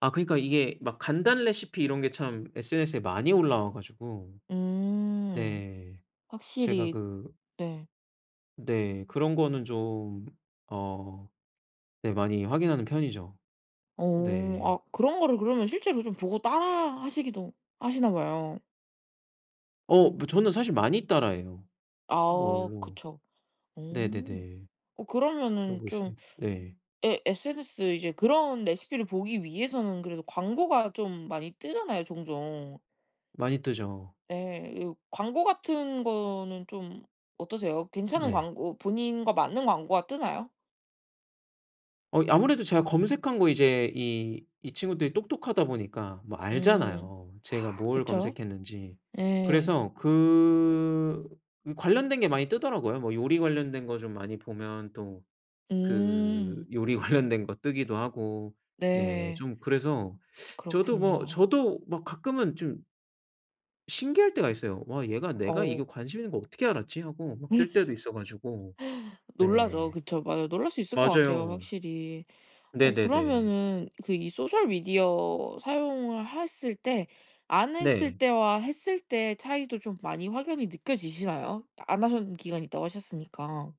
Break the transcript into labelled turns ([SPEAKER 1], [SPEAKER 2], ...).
[SPEAKER 1] 아 그니까 이게 막 간단 레시피 이런 게 참 SNS에 많이 올라와 가지고
[SPEAKER 2] 음.
[SPEAKER 1] 네. 제가
[SPEAKER 2] 확실히
[SPEAKER 1] 그
[SPEAKER 2] 네.
[SPEAKER 1] 네. 그런 거는 좀 어 네 많이 확인하는 편이죠.
[SPEAKER 2] 오. 아
[SPEAKER 1] 네.
[SPEAKER 2] 그런 거를 그러면 실제로 좀 보고 따라하시기도 하시나 봐요.
[SPEAKER 1] 어 뭐 저는 사실 많이 따라해요,
[SPEAKER 2] 아
[SPEAKER 1] 그걸로.
[SPEAKER 2] 그쵸. 오.
[SPEAKER 1] 네네네.
[SPEAKER 2] 어 그러면은
[SPEAKER 1] 그러고
[SPEAKER 2] 좀
[SPEAKER 1] 있습니다. 네.
[SPEAKER 2] 예 SNS 이제 그런 레시피를 보기 위해서는 그래도 광고가 좀 많이 뜨잖아요 종종.
[SPEAKER 1] 많이 뜨죠.
[SPEAKER 2] 네 이 광고 같은 거는 좀 어떠세요? 괜찮은
[SPEAKER 1] 네.
[SPEAKER 2] 광고 본인과 맞는 광고가 뜨나요?
[SPEAKER 1] 어 이 아무래도 제가 검색한 거 이제 이 이 친구들이 똑똑하다 보니까 뭐
[SPEAKER 2] 음.
[SPEAKER 1] 알잖아요
[SPEAKER 2] 아
[SPEAKER 1] 제가 뭘
[SPEAKER 2] 그쵸.
[SPEAKER 1] 검색했는지.
[SPEAKER 2] 예.
[SPEAKER 1] 그래서 그 그 관련된 게 많이 뜨더라고요. 뭐 요리 관련된 거 좀 많이 보면 또 그
[SPEAKER 2] 음.
[SPEAKER 1] 요리 관련된 거 뜨기도 하고 네
[SPEAKER 2] 네.
[SPEAKER 1] 좀 그래서 저도 뭐
[SPEAKER 2] 그렇군요.
[SPEAKER 1] 저도 막 가끔은 좀 신기할 때가 있어요. '와 얘가 내가 이거
[SPEAKER 2] 어우.
[SPEAKER 1] 관심 있는 거 어떻게 알았지?' 하고 막 뜰 때도 있어 가지고.
[SPEAKER 2] 놀라죠.
[SPEAKER 1] 네.
[SPEAKER 2] 그쵸. 맞아요. 놀랄 수 있을 것 같아요
[SPEAKER 1] 맞아요.
[SPEAKER 2] 확실히. 어
[SPEAKER 1] 네네네.
[SPEAKER 2] 그러면은 그 이 소셜 미디어 사용을 했을 때 안 했을
[SPEAKER 1] 네.
[SPEAKER 2] 때와 했을 때 차이도 좀 많이 확연히 느껴지시나요? 안 하셨던 기간이 있다고 하셨으니까.